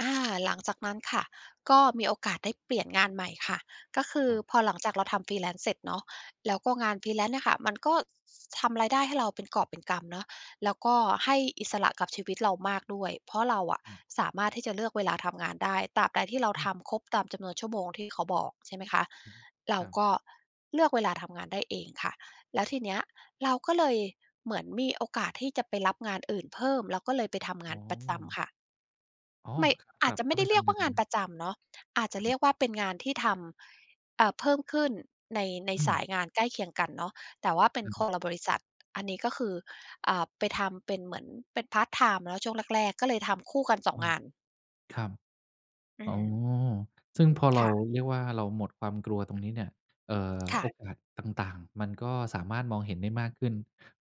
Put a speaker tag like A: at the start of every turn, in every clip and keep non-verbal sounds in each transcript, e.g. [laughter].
A: อา หลังจากนั้นค่ะก็มีโอกาสได้เปลี่ยนงานใหม่ค่ะ ก็คือ
B: ครับ
A: พอหลังจากเราทำ freelance เสร็จเนาะ แล้วก็งาน freelance เนี่ยค่ะ มันก็ ทำรายได้ให้เราเป็นกอบเป็นกำเนาะ แล้วก็ให้อิสระกับชีวิตเรามากด้วย เพราะเราอะ
B: อืม
A: สามารถที่จะเลือกเวลาทำงานได้ ตราบใดที่เรา
B: อื
A: ท
B: ม
A: ำครบตามจำนวนชั่วโมงที่เขาบอก ใช่ไหมคะ
B: อือฮึ
A: เรา
B: ครับ
A: ก็เลือกเวลาทำงานได้เองค่ะ แล้วทีเนี้ยเราก็เลย เหมือนมีโอกาสที่จะไปรับงานอื่นเพิ่ม เราก็เลยไปทำงา
B: อ
A: น
B: ๋
A: ประจ
B: อ
A: ำค่ะ
B: อ้อ
A: ไม่ อ
B: ก
A: า
B: ลั
A: จ
B: บ
A: จะไ
B: เ
A: ม
B: ข้
A: ่
B: า
A: ไ
B: ไ
A: ด
B: ป
A: ้เร
B: ท
A: ียก
B: ำง
A: ว่
B: า
A: า
B: น
A: ง
B: บ
A: า
B: ั
A: น
B: น
A: ประจำเนาะ อาจจะ
B: คร
A: เร
B: ั
A: ี
B: บ
A: ยกว่าเป็นงานที่ทำ อ่า เพิ่มขึ้นใน ใน
B: อื
A: สา
B: ม
A: ยงานใกล้เคียงกันเนาะ แต่ว่าเป็
B: อ
A: น
B: ือ
A: ค
B: ฮึ
A: นละบริษัท อันนี้ก็คือ อ่า ไปทำเป็นเหมือน เป็นพาร์ตไทม์เนาะช่วงแรก ๆ ก็เลยทำคู่กัน สอ
B: อ
A: ง
B: ื
A: ง
B: ม
A: าน
B: ครับ
A: อื
B: อ๋อ
A: ม
B: ซึ่งพอเร
A: ค
B: า
A: ่ะ
B: เรียกว่าเราหมดความกลัวตรงนี้เนี่ย เอ่อ
A: ค่
B: โอ
A: ะ
B: กาสต่าง ๆ มันก็สามารถมองเห็นได้มากขึ้น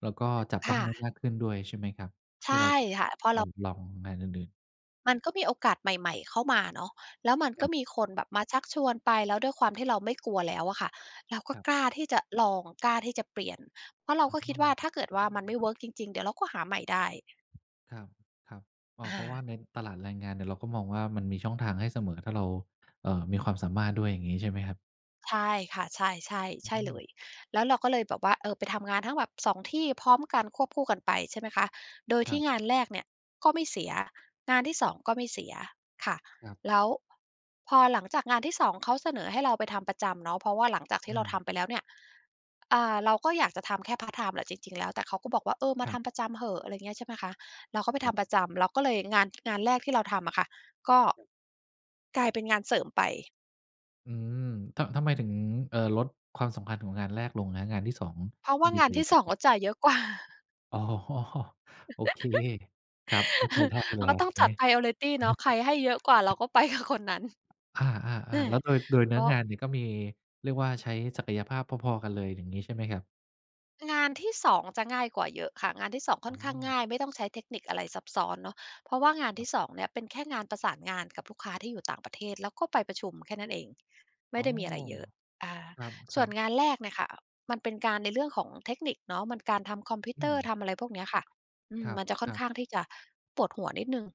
B: แล้วก็จับ
A: ค
B: ต้อง
A: ่
B: ได้
A: ะ
B: มากขึ้นด้วยใช่ไหมครับ?
A: ใช
B: ที
A: ่
B: ่เราจะ
A: ค่ะ พอเ
B: เร
A: รา
B: าลองงานอื่น ๆ
A: มันก็มีโอกาสใหม่ ๆ เข้ามาเนาะ แล้วมันก
B: ค
A: ็
B: รับ
A: มีคนแบบมาชักชวนไป แล้วด้วยความที่เราไม่กลัวแล้วอะค่ะ เราก็
B: ครับ
A: กล้าที่จะลอง กล้าที่จะเปลี่ยน เพราะเรา
B: อ
A: ก็คิด
B: ๋
A: ว่า
B: อ
A: ถ้าเกิดว่ามันไม่เวิร์กจริง ๆ เดี๋ยวเราก็หาใหม่ได้
B: ครับ ๆ อ้อ
A: อ
B: เพราะว่
A: า
B: าในตลาดแรงงานเนี่ยเราก็มองว่ามันมีช่องทางให้เสมอ ถ้าเรา เอ่อ มีความสามารถด้วย อย่างงี้ใช่ไหมครับ?
A: ใช่ค่ะ ใช่ ๆ
B: อ
A: ใช่เ
B: ื
A: ล
B: ม
A: ย แล้วเราก็เลยแบบว่า เออ ไปทำงานทั้งแบบ 2 ที่พร้อมกันควบคู่กันไปใช่ไหมคะ โดย
B: ค
A: ท
B: ร
A: ี
B: ั
A: ่
B: บ
A: งานแรกเนี่ยก็ไม่เสีย งานที่ 2 ก็ไม่เสีย ค่ะ
B: ครับ
A: แล้ว พอหลังจากงานที่ 2 เขาเสนอให้เราไปทำประจำเนาะ เพราะว่าหลังจากที่
B: อ
A: เราท
B: า
A: ำไปแล้วเนี่ย อ่า เราก็อยากจะทำแค่พาร์ตไทม์แหละจริง ๆ แล้ว แต่เขาก็บอกว่า "เออ มา
B: คร
A: ท
B: ับ
A: ำประจำเหอะ" อะไรเงี้ย ใช่ไหมคะ เราก็ไป
B: ค
A: ท
B: รับ
A: ำประจำ เราก็เลย งาน งานแรกที่เราทำอะค่ะ ก็กลายเป็นงานเสริมไป
B: อืม ท ทำไมถึง เอ่อ ลดความสำคัญของงานแรกลงครับ งานที่ 2
A: เพราะว่า
B: ดี
A: งา
B: ก
A: น
B: ว่า
A: ท
B: ย
A: ี
B: ั
A: ่
B: งไ
A: 2
B: ง?
A: เขาจ่ายเยอะ กว่า [chuckles]
B: อ๋อ โอเค ครับ เข้าใจ
A: [chuckles]
B: ได้
A: เ
B: เ
A: ร
B: ล
A: า
B: ย
A: ก
B: คร
A: ็
B: ับ
A: ต้อ
B: ต
A: ง
B: ร
A: จ
B: ง
A: ั
B: น
A: ด
B: ี้
A: priority เนาะ ใครให้เยอะกว่าเรา
B: [chuckles]
A: ก็ ไป กับคนนั้น
B: อา
A: เออ
B: ๆ ๆ แล้วโดย โดยเน
A: ก
B: ื้
A: ็
B: องานนี่ก็มี เรียกว่าใช้ศักยภาพพอ ๆ กันเลย อย่างงี้ใช่ไหมครับ?
A: งานที่ 2 จะง่ายกว่าเยอะค่ะ งานที่ 2 ค่
B: อ
A: อ
B: ๋
A: นข้าง
B: อ
A: ง่าย ไม่ต้องใช้เทคนิคอะไรซับซ้อนเนาะ เพราะว่างาน
B: ค
A: ท
B: ร
A: ี
B: ับ
A: ่ 2 เนี่ยเป็นแค่งานประสานงานกับลูกค้าที่อยู่ ต่างประเทศ แล้วก็ไปประชุมแค่นั้นเอง ไม่
B: อ๋
A: ไ
B: อ
A: ด้มีอะไรเยอะ อา
B: ค
A: ส่
B: ร
A: ว
B: ั
A: น
B: บ ๆ
A: งานแรกเนี่ยค่ะมันเป็นการ ในเรื่องของเทคนิคเนาะ มันการทำคอมพิว
B: อ
A: เตอร์
B: ืม
A: ทำอะไรพวกเนี้ยค่ะ อื
B: ค
A: ม
B: ร
A: มันจะค่อน
B: ั
A: ข
B: บ
A: ้าง
B: ๆ
A: ที่จะปวดหัวนิดหนึ่ง